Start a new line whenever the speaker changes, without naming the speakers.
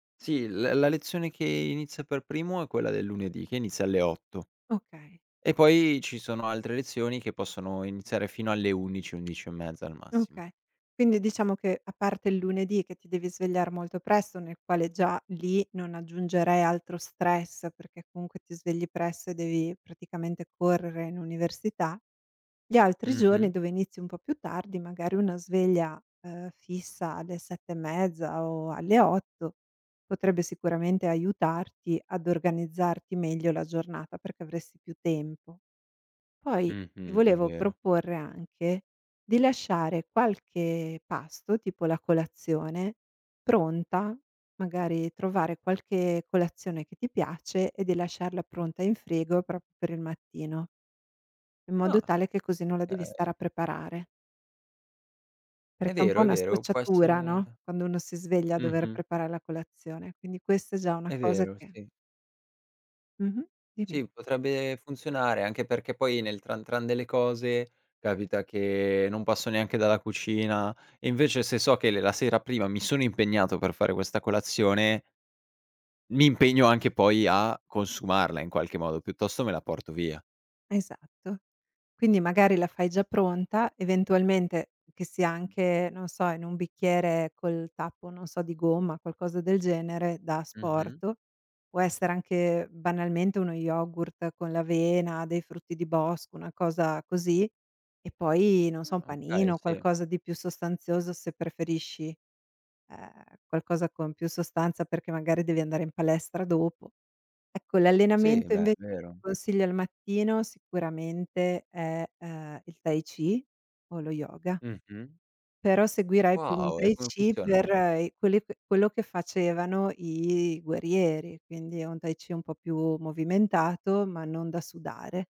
Sì, la la lezione che inizia per primo è quella del lunedì, che inizia alle 8
Okay.
e poi ci sono altre lezioni che possono iniziare fino alle 11- 11 e mezza, al massimo.
Okay. Quindi diciamo che, a parte il lunedì che ti devi svegliare molto presto, nel quale già lì non aggiungerei altro stress perché comunque ti svegli presto e devi praticamente correre in università, gli altri giorni
Mh-mh.
dove inizi un po' più tardi, magari una sveglia, uhm, fissa alle 7 e mezza o alle 8 potrebbe sicuramente aiutarti ad organizzarti meglio la giornata, perché avresti più tempo. Poi, ti
Mh-mh, è
volevo
vero.
proporre anche di lasciare qualche pasto, tipo la colazione, pronta, magari trovare qualche colazione che ti piace e di lasciarla pronta in frigo proprio per il mattino in modo
Ah!
tale che così non la devi stare
Okay.
a preparare
È
perché è un
vero,
po'
è
una
vero, può
scocciatura,
essere
no, quando uno si sveglia dover
mh-mh.
preparare la colazione. Quindi, questa è già una
È
cosa
vero,
che
sì.
Mh-mh, dimmi.
Sì, potrebbe funzionare. Anche perché, poi nel tran tran delle cose capita che non passo neanche dalla cucina, e invece se so che le la sera prima mi sono impegnato per fare questa colazione mi impegno anche poi a consumarla in qualche modo, piuttosto me la porto via.
Esatto. Quindi, magari la fai già pronta, eventualmente che sia anche, non so, in un bicchiere col tappo, non so, di gomma, qualcosa del genere, da
Mh-mh.
asporto, può essere anche banalmente uno yogurt con l'avena, dei frutti di bosco, una cosa così, e poi, non so, un
Ah,
panino,
okay.
o
Sì.
qualcosa di più sostanzioso se preferisci, ehm, qualcosa con più sostanza perché magari devi andare in palestra dopo. Ecco,
Sì,
l'allenamento
beh, è
invece che
vero.
consiglio al mattino sicuramente è, uhm, il Tai Chi o lo Yoga
Mh-mh.
però seguirei più un
Wow, e
Tai
come
Chi per,
funzionano?
ehm, i quelli que quello che facevano i guerrieri, quindi è un Tai Chi un po' più movimentato, ma non da sudare.